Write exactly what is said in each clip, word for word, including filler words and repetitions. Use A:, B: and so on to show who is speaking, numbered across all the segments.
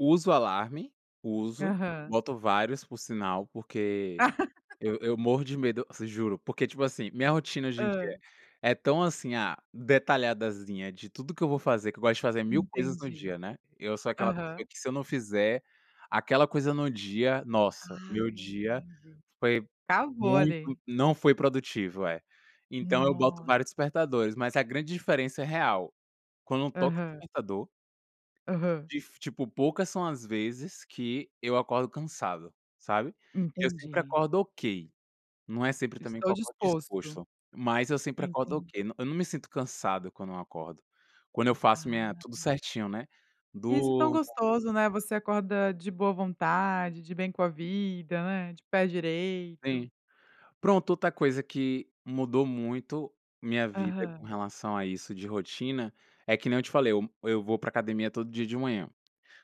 A: Uso alarme. Uso.
B: Aham.
A: Boto vários, por sinal, porque eu eu morro de medo, te juro, porque tipo, assim, minha rotina, hoje em dia
B: Hã.
A: é tão assim, ah, detalhadazinha, de tudo que eu vou fazer, que eu gosto de fazer mil coisas no
B: Entendi.
A: dia, né. Eu sou aquela pessoa
B: Aham.
A: que, se eu não fizer aquela coisa no dia, nossa.
B: Ah,
A: Meu dia
B: entendi.
A: foi
B: Acabou
A: muito
B: ali.
A: não foi produtivo, é. Então eu boto
B: Nossa.
A: vários despertadores. Mas a grande diferença é real. Quando toca o
B: Aham.
A: despertador
B: Aham.
A: difi tipo, poucas são as vezes que eu acordo cansado, sabe. Eu sempre
B: Entendi.
A: acordo "ok". Não é sempre também que
B: Estou
A: eu acordo
B: disposto.
A: disposto, mas eu sempre acordo
B: Entendi.
A: "ok". No eu não me sinto cansado quando eu acordo. Quando eu faço
B: Ah.
A: minha tudo certinho, né.
B: Isso é tão
A: Durmo
B: gostoso, né, você acorda de boa vontade, de bem com a vida, né, de pé direito.
A: Sim. Pronto, outra coisa que mudou muito minha vida com
B: Aham.
A: relação a isso de rotina, é que nem eu te falei. Eu eu vou para academia todo dia de manhã.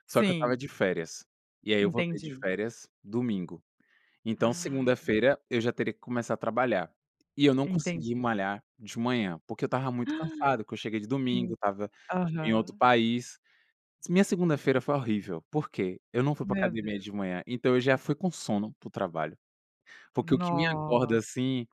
A: Só que eu estava
B: Sim.
A: de férias. E aí eu voltei de
B: Entendi.
A: férias domingo. Então,
B: Ai.
A: segunda-feira eu já teria que começar a trabalhar. E eu não consegui
B: Entendi.
A: malhar de manhã, porque eu estava muito cansado, porque eu cheguei de domingo,
B: Sim.
A: estava em outro
B: Aham.
A: país. Minha segunda-feira foi horrível. Por quê? Eu não fui pra
B: Meu
A: academia
B: Deus.
A: de manhã, então eu já fui com sono para o trabalho. Porque o que me acorda,
B: Nossa.
A: assim,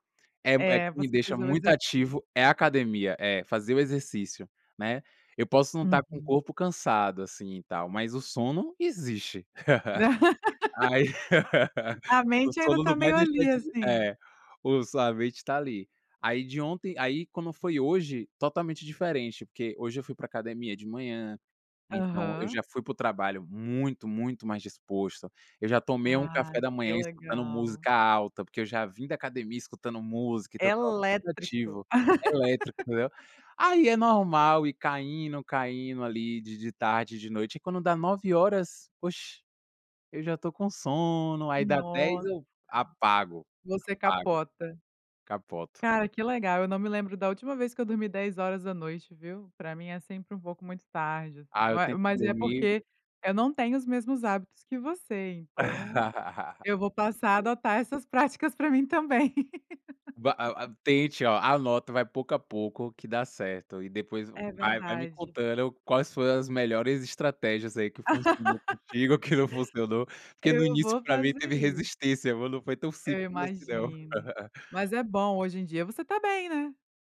A: eh eh,
B: É,
A: que me
B: voce
A: deixa
B: faz o
A: muito
B: exercício.
A: ativo, é a academia, é, fazer o exercício, né. Eu posso não estar com o
B: Uhum.
A: corpo cansado, assim e tal, mas o sono existe. Aí,
B: A
A: o
B: mente ainda
A: sono
B: tá
A: não vai
B: meio
A: deixar
B: ali,
A: de di
B: assim.
A: é, o sua mente tá ali. Aí de ontem aí quando foi hoje, totalmente diferente, porque hoje eu fui pra academia de manhã, então eu
B: Aham.
A: já fui para o trabalho muito, muito mais disposto. Eu já tomei um café
B: Ai,
A: da
B: que
A: manhã escutando
B: legal.
A: música alta, porque eu já vim da academia escutando música e tal, tal
B: Elétrico.
A: criativo, elétrico, entendeu. Aí é normal ir caindo, caindo ali de de tarde e de noite. Aí quando dá nove horas, oxe, eu já tô com um sono, aí dá dez
B: Nossa.
A: eu apago,
B: Você
A: apago.
B: capota.
A: Capoto.
B: Cara, que legal, eu não me lembro da última vez que eu dormi dez horas da noite, viu. Pra mim é sempre um pouco muito tarde, assim,
A: Ah,
B: eu
A: eu
B: a
A: tento
B: mas é
A: dormir
B: porque eu não tenho os mesmos hábitos que você, então, eu vou passar a adotar essas práticas pra mim também.
A: Va a a tente, ó anota, vai pouco a pouco, que dá certo. E depois v
B: É
A: vai vai me
B: verdade.
A: contando quais foram as melhores estratégias aí que funcionou contigo que não funcionou, porque no
B: Eu
A: início,
B: vou
A: pra mim
B: fazer
A: teve
B: isso.
A: resistência, viu, não foi tão
B: Eu
A: simples assim, não.
B: imagino. Mas é bom, hoje em dia você tá bem, né?